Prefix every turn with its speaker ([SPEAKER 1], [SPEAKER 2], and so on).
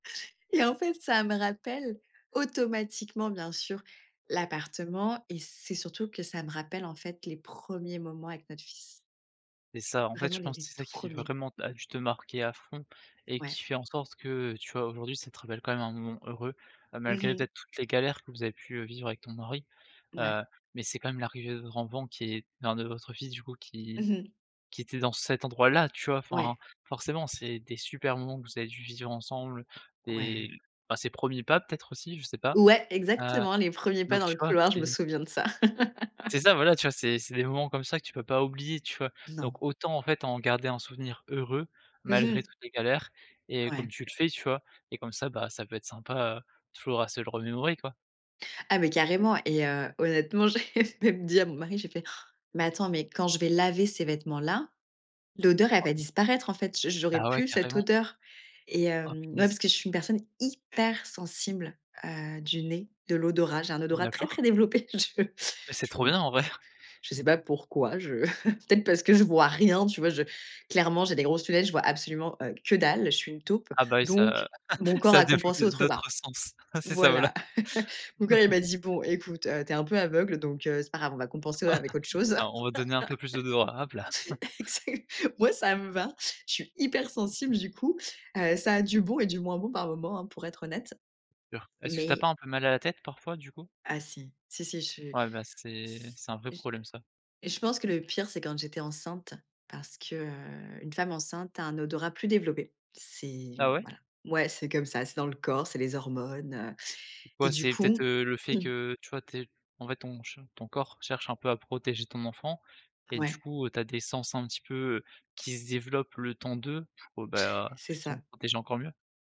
[SPEAKER 1] Et en fait ça me rappelle, automatiquement bien sûr, l'appartement, et c'est surtout que ça me rappelle en fait, les premiers moments avec notre fils.
[SPEAKER 2] C'est ça, en fait,
[SPEAKER 1] Vraiment,
[SPEAKER 2] je
[SPEAKER 1] les
[SPEAKER 2] pense
[SPEAKER 1] les
[SPEAKER 2] c'est ça
[SPEAKER 1] tout
[SPEAKER 2] qui
[SPEAKER 1] premiers.
[SPEAKER 2] vraiment a dû te marquer à fond et
[SPEAKER 1] Ouais.
[SPEAKER 2] qui fait en sorte que, heu, tu vois? Aujourd'hui ça te rappelle quand même un moment heureux. Heu,
[SPEAKER 1] Mmh
[SPEAKER 2] malgré
[SPEAKER 1] mh.
[SPEAKER 2] peut-être toutes les galères que vous avez pu, heu, vivre avec ton mari,
[SPEAKER 1] Ouais.
[SPEAKER 2] heu, mais c'est quand même l'arrivée de votre enfant qui est enfin de votre fils du coup qui
[SPEAKER 1] Mmh mh.
[SPEAKER 2] qui était dans cet endroit-là tu vois? Enfin,
[SPEAKER 1] Ouais.
[SPEAKER 2] forcément c'est des super moments que vous avez dû vivre ensemble, des
[SPEAKER 1] Ouais.
[SPEAKER 2] bah ses premiers pas peut-être aussi? Je sais pas.
[SPEAKER 1] Ouais,
[SPEAKER 2] Heu,
[SPEAKER 1] exactement. Les premiers pas
[SPEAKER 2] donc
[SPEAKER 1] dans
[SPEAKER 2] tu
[SPEAKER 1] le
[SPEAKER 2] vois?
[SPEAKER 1] couloir, je me
[SPEAKER 2] C'est
[SPEAKER 1] souviens de ça.
[SPEAKER 2] C'est ça! Voilà, tu vois? C'est c'est des moments comme ça que tu peux pas oublier, tu vois?
[SPEAKER 1] Non.
[SPEAKER 2] Donc autant, en fait, en garder un souvenir heureux,
[SPEAKER 1] Mmh
[SPEAKER 2] malgré
[SPEAKER 1] mh.
[SPEAKER 2] toutes les galères et comme
[SPEAKER 1] Ouais.
[SPEAKER 2] tu le fais, tu vois? Et comme ça, bah ça peut être sympa, heu, toujours à se le remémorer quoi.
[SPEAKER 1] Ah mais carrément, et heu, honnêtement j'ai j'ai dit à mon mari, j'ai fait: «Mais attends, mais quand je vais laver ces vêtements-là, l'odeur elle va
[SPEAKER 2] [unintelligible]
[SPEAKER 1] disparaître en fait, j'au j'aurais
[SPEAKER 2] Bah ouais
[SPEAKER 1] plus cette
[SPEAKER 2] carrément.
[SPEAKER 1] odeur.» et
[SPEAKER 2] Oh,
[SPEAKER 1] hem, ouais,
[SPEAKER 2] punaise!
[SPEAKER 1] parce que je suis une personne hyper sensible, heu, du nez, de l'odorat, j'ai un odorat très
[SPEAKER 2] D'accord.
[SPEAKER 1] très développé, je
[SPEAKER 2] Et c'est
[SPEAKER 1] je
[SPEAKER 2] trop bien, en vrai!
[SPEAKER 1] je sais pas pourquoi je peut-être parce que je vois rien, tu vois? Je clairement j'ai des grosses lunettes, je vois absolument, heu, que dalle, je suis une taupe,
[SPEAKER 2] Ah bah oui,
[SPEAKER 1] donc
[SPEAKER 2] ça
[SPEAKER 1] mon corps
[SPEAKER 2] ça a
[SPEAKER 1] a compensé
[SPEAKER 2] développé
[SPEAKER 1] autre part.
[SPEAKER 2] d'autres sens. C'est ça voilà.
[SPEAKER 1] Voilà, mon corps il m'a dit: «Bon écoute, heu, tu es un peu aveugle donc heu, c'est pas grave on va compenser avec autre chose.»
[SPEAKER 2] Tiens on va donner un peu plus d'odorat, hop la.
[SPEAKER 1] exact, moi ça me va, je suis hyper sensible du coup. Heu, ça a du bon et du moins bon par moment hein, pour être honnête,
[SPEAKER 2] Sur. Est-ce que tu as
[SPEAKER 1] mais
[SPEAKER 2] pas un peu mal à la tête, parfois, du coup?
[SPEAKER 1] Ah si. Si, si je
[SPEAKER 2] Ouais, bah c'est
[SPEAKER 1] s
[SPEAKER 2] c'est un vrai
[SPEAKER 1] je
[SPEAKER 2] problème ça.
[SPEAKER 1] je pense que le pire, c'est quand j'étais enceinte, parce que, heu, une femme enceinte a un odorat plus développé.
[SPEAKER 2] Ah
[SPEAKER 1] C'est
[SPEAKER 2] ouais?
[SPEAKER 1] voilà, ouais, c'est comme ça, c'est dans le corps, c'est les hormones, heu, et
[SPEAKER 2] Ouais
[SPEAKER 1] du
[SPEAKER 2] c'est peut-être,
[SPEAKER 1] coup
[SPEAKER 2] heu, le fait que,
[SPEAKER 1] [unintelligible]
[SPEAKER 2] heu, tu vois? Tu es en fait ton che ton corps cherche un peu à protéger ton enfant, et du
[SPEAKER 1] Ouais.
[SPEAKER 2] coup, heu, tu as des sens un petit peu, heu, qui se développent le temps de, pour bah heu,
[SPEAKER 1] C'est ça.
[SPEAKER 2] justement protéger encore mieux.